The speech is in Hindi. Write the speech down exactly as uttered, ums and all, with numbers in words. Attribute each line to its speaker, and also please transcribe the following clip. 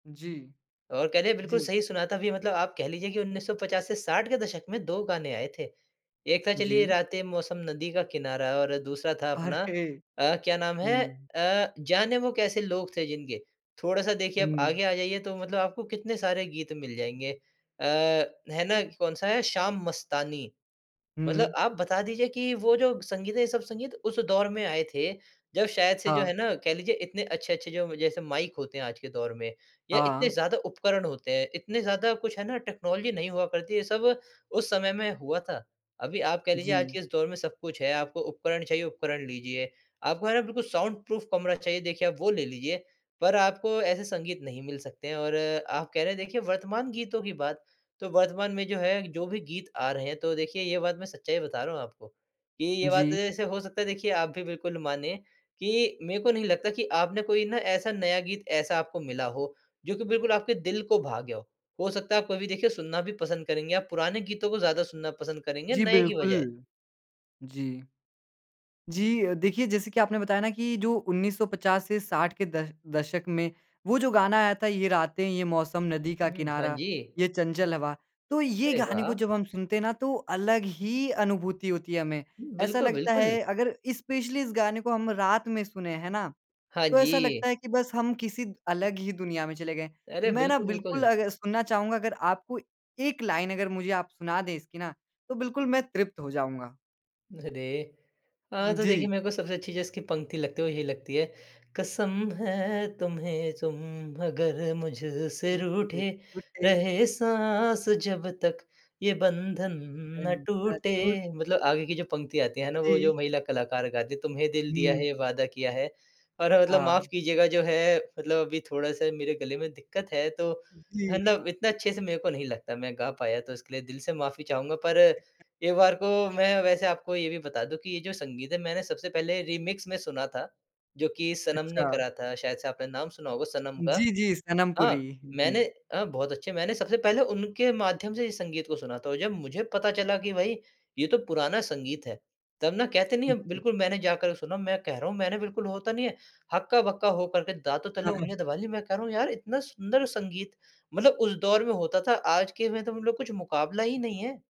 Speaker 1: जी।
Speaker 2: और कह लें, बिल्कुल
Speaker 1: जी।
Speaker 2: सही सुना था। अभी मतलब आप कह लीजिए कि उन्नीस सौ पचास से साठ के दशक में दो गाने आए थे। एक था, चलिए
Speaker 1: जी।
Speaker 2: रातें, ये मौसम, नदी का किनारा। और दूसरा था, अपना
Speaker 1: अरे!
Speaker 2: अ, क्या नाम है
Speaker 1: हुँ।
Speaker 2: अ, जाने वो कैसे लोग थे, जिनके। थोड़ा-सा, देखिए, अब
Speaker 1: हुँ।
Speaker 2: आगे आ जाइए, तो मतलब आपको कितने सारे गीत मिल जाएँगे अ, है ना, कौन-सा है, शाम मस्तानी। मतलब
Speaker 1: हुँ।
Speaker 2: आप बता दीजिए कि वो जो संगीत है, ये सब संगीत उस दौर में आए थे, जब शायद से, जो
Speaker 1: हाँ।
Speaker 2: है ना, कह लीजिए इतने अच्छे-अच्छे जो म जैसे माइक होते हैं आज के दौर में, या इतने
Speaker 1: हाँ।
Speaker 2: ज़्यादा उपकरण होते हैं, इतने ज़्यादा कुछ है ना, टेक्नोलॉज़ि नहीं हुआ करती, ये सब उस समय में हुआ था। अभी आप कह लीजिए, आज
Speaker 1: जी।
Speaker 2: के इस दौर में सब कुछ है, आपको उपकरण चाहिए, उपकरण लीजिए। आपको, है ना, बिल्कुल साउंड-प्रूफ़ कमरा चाहिए, देखिए, आप वो ले लीजिए। पर आपको ऐसे संगीत नहीं मिल सकते हैं और आप कह रहे हैं, देखिए, वर्तमान गीतों की बात, तो वर्तमान में जो है, जो भी गीत आ रहे हैं, तो देखिए, ये बात मैं सच्चाई बता रहा हूँ आपको कि ये बात,
Speaker 1: जी।
Speaker 2: ऐसे हो सकता है, देखिए, आप भी बिल्कुल मानें कि मेरे को नहीं लगता कि आपने कोई ना, ऐसा नया गीत ऐसा आपको मिला हो, जो कि बिल्कुल आपके दिल को भा गया हो। हो सकता है, आप कभी, देखिए, सुनना भी पसंद करेंगे, आप पुराने गीतों को ज़्यादा सुनना पसंद करेंगे,
Speaker 1: जी,
Speaker 2: नए की बजाय।
Speaker 1: बिल्कुल। जी। जी अ, देखिए, जैसे कि आपने बताया ना कि जो उन्नीस सौ पचास से साठ के द दशक में, वो जो गाना आया था, ये रातें, ये मौसम, नदी का
Speaker 2: हुँ, हाँ
Speaker 1: किनारा,
Speaker 2: जी।
Speaker 1: ये चंचल हवा। तो ये
Speaker 2: अरे,
Speaker 1: गाने को
Speaker 2: वाह!
Speaker 1: जब हम सुनते हैं ना, तो अलग ही अनुभूति होती है हमें। ऐसा
Speaker 2: बिल्कुल,
Speaker 1: लगता
Speaker 2: बिल्कुल।
Speaker 1: है, अगर स्पेशली इस गाने को हम रात में सुनें, है ना?
Speaker 2: हाँ
Speaker 1: तो ऐसा
Speaker 2: जी।
Speaker 1: लगता है कि बस हम किसी अलग ही दुनिया में चले गए।
Speaker 2: अरे!
Speaker 1: मैं ना,
Speaker 2: बिल्कुल,
Speaker 1: बिल्कुल
Speaker 2: बिल्कुल।
Speaker 1: अग सुनना चाहूँगा, अगर आप कोई एक लाइन, अगर मुझे आप सुना दें इसकी ना, तो बिल्कुल मैं तृप्त हो जाऊँगा।
Speaker 2: अरे! अ, तो देखिए,
Speaker 1: जी।
Speaker 2: मैं को सबसे अच्छी जो इसकी पंक्ति लगती है, वो यही लगती है, कसम है तुम्हें, तुम अगर मुझ से
Speaker 1: मुझसे
Speaker 2: रूठे।
Speaker 1: रूठे।
Speaker 2: रहे साँस जब तक, ये बंधन ना
Speaker 1: अम, अ,
Speaker 2: टूटे।
Speaker 1: छूट
Speaker 2: मतलब आगे की जो पंक्ति आती है ना, वो जो
Speaker 1: जी।
Speaker 2: महिला कलाकार गाती है, "तुम्हें दिल दिया
Speaker 1: हुँ।
Speaker 2: है, ये वादा किया है।" और मतलब माफ़
Speaker 1: हाँ।
Speaker 2: कीजिएगा, जो है, मतलब अभी थोड़ा-सा मेरे गले में दिक्कत है, तो है
Speaker 1: जी।
Speaker 2: ना, अब इतना अच्छे से मेरे को नहीं लगता, मैं गा पाया, तो इसके लिए दिल से माफ़ी चाहूँगा। पर एक बार को मैं वैसे आपको ये भी बता दूँ कि ये जो संगीत है, मैंने सबसे पहले रीमिक्स में सुना था, जो कि सनम ने
Speaker 1: अच्छा।
Speaker 2: करा था। शायद से आपने नाम सुना होगा सनम का।
Speaker 1: जी, जी, सनम पुरी।
Speaker 2: हाँ,
Speaker 1: जी।
Speaker 2: मैंने अ, बहुत अच्छे, मैंने सबसे पहले उनके माध्यम से ही संगीत को सुना था, और जब मुझे पता चला कि, "भई, ये तो पुराना संगीत है।" तब ना, कहते नहीं
Speaker 1: हुँ,
Speaker 2: हैं,
Speaker 1: हुँ।
Speaker 2: बिल्कुल, मैंने जाकर सुना। मैं कह रहा हूँ, मैंने बिल्कुल, वो होता नहीं है, हक्का-बक्का हो कर के दाँतों तले
Speaker 1: हाँ, हाँ।
Speaker 2: उँगलियाँ दबा ली। मैं कह रहा हूँ, "यार, इतना सुंदर संगीत, मतलब उस दौर में होता था, आज के में तो मतलब कुछ मुकाबला ही नहीं है।"